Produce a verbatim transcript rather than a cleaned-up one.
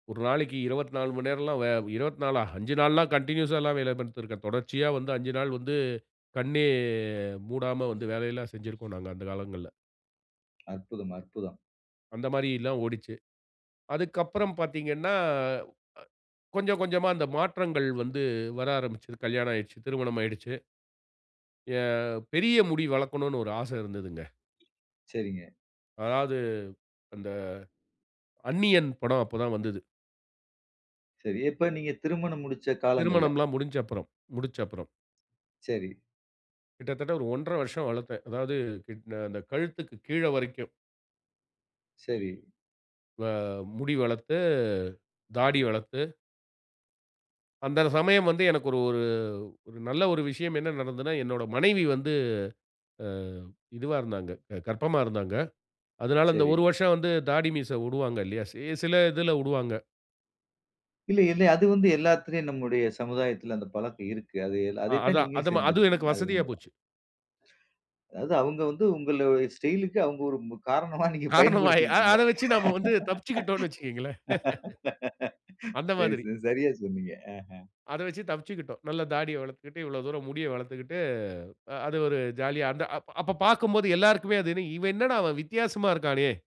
ஒரு நாளைக்கு இருபத்து நாலு மணி நேரம் எல்லாம் இருபத்து நாலஆ, அஞ்சு நாள்லாம் கன்டினியூஸா எல்லாம் வேலைப்பாத்திருக்கேன், தொடர்ச்சியா வந்து அஞ்சு நாள் வந்து கண்ணே, மூடாம வந்து வேலையெல்லாம் செஞ்சிருக்கோம் நாங்க, அந்த காலங்கள்ல. அற்புதம், அற்புதம். அந்த மாதிரி எல்லாம் ஓடுச்சு. அதுக்கு அப்புறம் பார்த்தீங்கனா, அ கொஞ்சம் கொஞ்சமா அந்த மாற்றங்கள் வந்து வர ஆரம்பிச்சுது. கல்யாணம் ஆயிடுச்சு, திருமணம் ஆயிடுச்சு. ஆ பெரிய முடி வளக்கணும்னு ஒரு ஆசை இருந்ததுங்க. செரிங்க. அதாவது, அந்த, அந்நியன் படம் அப்போ தான் வந்தது. செரி எப்ப நீங்க திருமணம் முடிச்ச காலங்கள்ல? திருமணம்லாம் முடிஞ்ச அப்புறம், முடிச்சப்பறம். செரி. கிட்டத்தட்ட ஒரு ஒன்றரை வருஷம் வளர்த்தேன், அதாவது கிட் அந்த கழுத்துக்கு கீழே வரைக்கும். செரி. வ முடி வளர்த்து, தாடி வளர்த்து. அந்த சமயம் வந்து எனக்கு ஒரு ஒரு நல்ல ஒரு விஷயம் என்ன நடந்ததுனா? என்னுடைய மனைவி வந்து ஆங் இதுவா இருந்தாங்க, அ கர்ப்பமா இருந்தாங்க. அதனால அந்த செரி. ஒரு வருஷம் வந்து தாடி மீசை விடுவாங்க இல்லையா? சி சில இதில விடுவாங்க. இல்ல இல்ல அது வந்து எல்லாத்திலயும் நம்முடைய சமுதாயத்தில அந்த பழக்கம் இருக்கு, ஆ அதை தான் அதான். நீங்க அதுவும் செஞ்சுருக்கீங்க, எனக்கு அது வசதியா உண்மைதான். போய்ச்சு. அதாது அவங்க வந்து உங்களோட ஸ்டைலுக்கு அவங்க ஒரு மு காரணமா நீங்க காரணம், அ பயன்படுத்திகிட்டிங்க. அதை வச்சு நாம வந்து தப்பிச்சுக்கிட்டோம்னு வச்சுக்கோங்களேன். அந்த சரி மாதிரி. சரி சரியா சொன்னீங்க. அத வச்சு தப்பிச்சுக்கிட்டோம். நல்ல தாடியை வளர்த்துக்கிட்டு, இவ்வளவு தூரம் முடியை வளர்த்துக்கிட்டு, அ அது ஒரு ஜாலியா. அந்த அப் அப்போ பார்க்கும்போது எல்லோருக்குமே அது இவன் என்னடா இவன் வித்தியாசமா இருக்கானே?